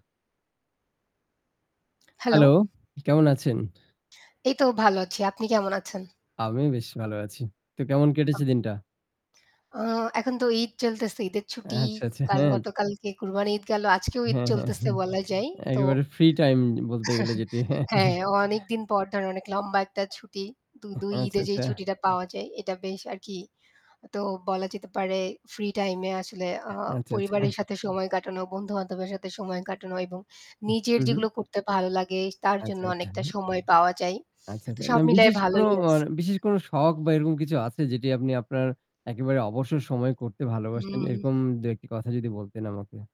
Hello. Hello, কেমন আছেন? এই তো ভালো আছি। আপনি কেমন আছেন? আমিও বেশ ভালো আছি। তো কেমন কেটেছে দিনটা? আ এখন তো ঈদ চলতেছে, ঈদের ছুটি। আচ্ছা, আচ্ছা। কাল হ্যাঁ। গতকালকে কুরবানি ঈদ গেল আজকেও ঈদ হ্যাঁ, হ্যাঁ, চলতেছে হ্যাঁ। বলা যায়। তো একেবারে ফ্রি টাইম বলতে গেলে যেটি। হ্যাঁ, অনেকদিন পর ধরে অনেক লম্বা একটা ছুটি, দু উহ ২ আচ্ছা, ঈদে যেই আচ্ছা। ছুটিটা পাওয়া যায় এটা বেশ আরকি। তো বলা যেতে পারে ফ্রি টাইম এ আসলে আ আচ্ছা, আচ্ছা। পরিবারের সাথে সময় কাটানো, বন্ধু-বান্ধবের সাথে সময় কাটানো এবং হুম, নিজের হুম। যেগুলো করতে ভালো লাগে তার জন্য আচ্ছা, আচ্ছা। অনেকটা সময় পাওয়া যায়। আচ্ছা, তো আচ্ছা। সব না মিলায় বিশেষ কোনো ভালোই আ আছি। বিশেষ কোনো শখ বা এরকম কিছু আছে যেটি আপনি আপনার একেবারে অবসর সময় করতে ভালোবাসেন? হুম। এরকম দু-একটি কথা যদি বলতেন আমাকে।